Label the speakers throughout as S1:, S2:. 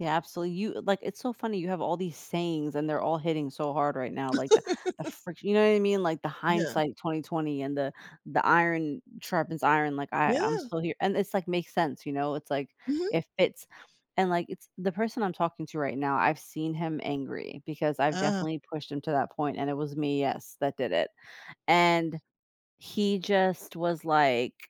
S1: Yeah, absolu you like, it's so funny, you have all these sayings, and they're all hitting so hard right now, like, the the frict you know what I mean, like, the
S2: Yeah.
S1: hindsight 20/20 and the the iron sharpens iron, like, I I'm
S2: Yeah.
S1: still here, and it's, like, makes sense, you know, it's, like,
S2: Mhm.
S1: if it's and, like, it's the person I'm talking to right now, I've seen him angry because I've
S2: Uh-huh.
S1: definitely pushed him to that point, and it was me, yes, that did it, and he just was, like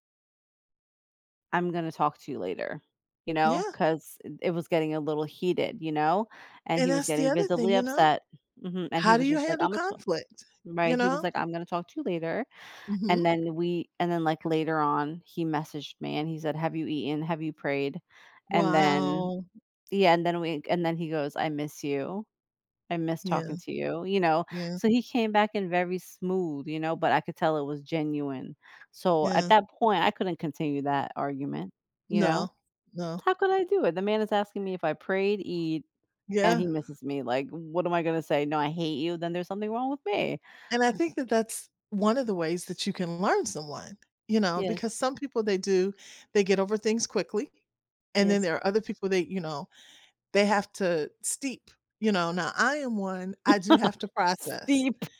S1: "I'm gonna talk to you later," you know,
S2: Yeah.
S1: 'cause it it was getting a little heated, you know, and
S2: And
S1: he was
S2: that's the
S1: getting
S2: other thing,
S1: visibly
S2: you know?
S1: upset mhm, and he
S2: How do
S1: was
S2: you
S1: just ,like,
S2: handle
S1: "Imma ta"
S2: conflict, you
S1: right, he was,
S2: know?
S1: like, "I'm gonna talk to you later," and
S2: Mhm.
S1: then we and then, like, later on he messaged me and he said, "Have you eaten? Have you prayed?" And then
S2: Wow.
S1: yeah, and then we and then he goes, "I miss you, I miss
S2: Yeah.
S1: talking to you," you know?
S2: Yeah.
S1: So, he came back in very smooth, you know, but I could tell it was genuine. So, at
S2: Yeah.
S1: that point, I couldn't continue that argument, you know?
S2: No. No.
S1: How could I do it? The man is asking me if I prayed, eat, and
S2: Yeah.
S1: he misses me, like, what am I gonna say? "No, I hate you," then there's something wrong with me.
S2: And I think that's one of the ways that you can learn someone, you know,
S1: Yes.
S2: because some people they do they get over things quickly, and then
S1: Yes.
S2: there are other people they you know, they have to steep, you know, now I am one, I do have to process,
S1: Steep.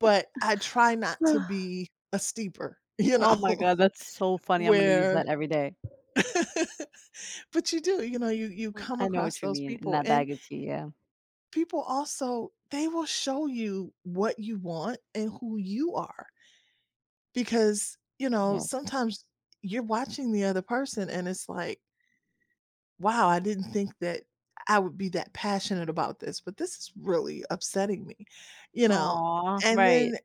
S2: but I try not to be a steeper, you
S1: Oh my
S2: know,
S1: god, that's so funny. I'm gonna use
S2: where
S1: that every day.
S2: but you do, you know, you you
S1: Well,
S2: come
S1: I know
S2: across
S1: what you
S2: those
S1: mean, in
S2: people
S1: that
S2: and
S1: bag of tea, yeah.
S2: people also they will show you what you want and who you are because, you know,
S1: Yes.
S2: sometimes you're watching the other person and it's, like "Wow, I didn't think that I would be that passionate about this, but this is really upsetting me," you know,
S1: Aw!
S2: and
S1: Right.
S2: then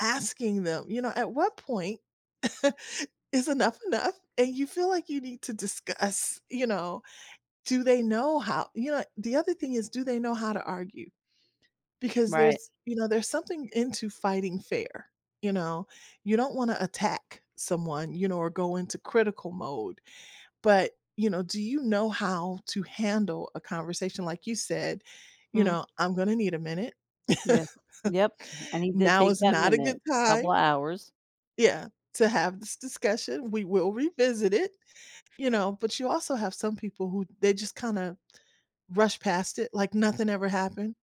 S2: asking them, you know, "At what point is enough enough?" And you feel, like, you need to discuss, you know, do they know how you know, and the other thing is, do they know how to argue? Because
S1: Right.
S2: there's you know, there's something into fighting fair, you know, you don't wanna attack someone, you know, or go into critical mode, but, you know, do you know how to handle a conversation like you said, you
S1: Mm.
S2: know, "I'm gonna need a minute,
S1: Yes. Yep, and he did
S2: now
S1: take
S2: is
S1: that
S2: not a
S1: minute,
S2: good time"
S1: couple of hours.
S2: Yeah, "To have this discussion, we will revisit it," you know, but you also have some people who they just kinda rush past it like nothing ever happened.